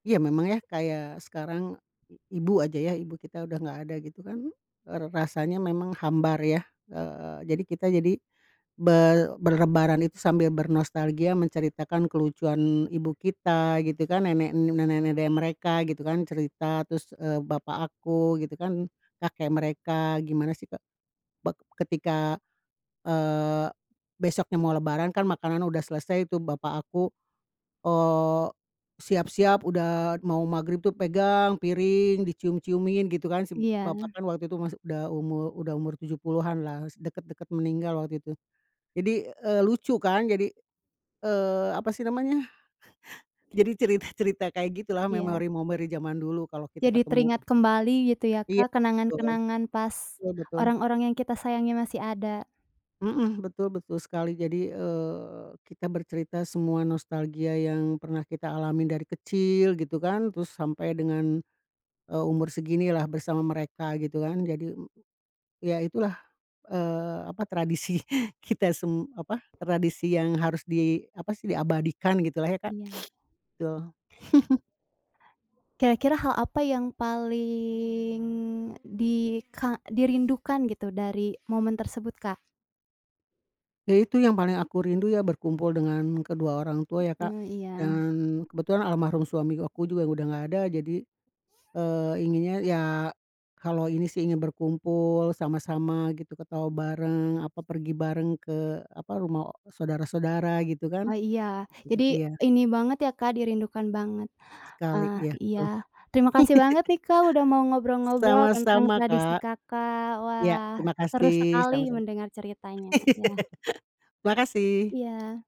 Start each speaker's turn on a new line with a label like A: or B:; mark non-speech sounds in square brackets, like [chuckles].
A: Iya memang ya. Kayak sekarang, i ibu aja ya, ibu kita udah nggak ada gitu kan, baru rasanya memang hambar ya. Eee, jadi kita jadi ber berlebaran itu sambil bernostalgia menceritakan kelucuan ibu kita gitu kan, nenek, nenek nenek dari mereka, gitu kan, cerita. Terus, eee, bapak aku gitu kan. Kakek mereka, gimana sih, Kak, bek ketika, eee, besoknya mau lebaran kan makanan udah selesai tuh. Bapak aku, eee, siap-siap udah mau maghrib tuh pegang piring dicium-ciumin gitu kan si b bapak
B: Iya.
A: kan waktu itu masih udah umur udah umur tujuh puluhan lah. Es dekat-dekat meninggal waktu itu. Jadi, eee, lucu kan jadi, eee, apa sih namanya? [chuckles] Jadi cerita-cerita kayak gitulah,
B: Iya.
A: memori-memori zaman dulu kalau kita
B: Jadi
A: ketemu.
B: teringat kembali gitu ya,
A: Iya.
B: Kak,
A: Betul,
B: kenangan-kenangan pas,
A: betul betul.
B: orang-orang yang kita sayangi masih ada.
A: Mhm. Betul betul sekali. Jadi, eee, kita bercerita semua nostalgia yang pernah kita alamin dari kecil gitu kan, terus sampai dengan, eee, umur seginilah bersama mereka gitu kan. Jadi, mmm, ya itulah, eee, apa, tradisi kita sem apa, tradisi yang harus di apa sih, diabadikan gitulah ya Kak.
B: Iya.
A: [sniffs] Betul. [chuckles]
B: Kira-kira hal apa yang paling di ka dirindukan gitu dari momen tersebut, Kak?
A: Ya itu yang paling aku rindu ya berkumpul dengan kedua orang tua ya, Kak.
B: Eee, iya.
A: Dan kebetulan almarhum suami aku juga udah nggak ada, jadi, eee, inginnya ya kalau ini sih ingin berkumpul sama-sama gitu, ketawa bareng, apa pergi bareng ke, apa, rumah o saudara-saudara gitu kan.
B: Oh iya. Jadi
A: [unintelligible] Iya.
B: ini banget ya, Kak, dirindukan banget.
A: Sekali,
B: Ah,
A: iya
B: iya.
A: betul.
B: Terima kasih banget nih, Kak, udah mau
A: [chuckles]
B: ngobrol-ngobrol tentang
A: Sama-sama
B: tradisi
A: Kak.
B: Kakak.
A: Ya,
B: Wah,
A: terima
B: seru
A: kasih.
B: sekali
A: Sama-sama.
B: mendengar ceritanya. Iya.
A: [laughs] Makasih.
B: Iya.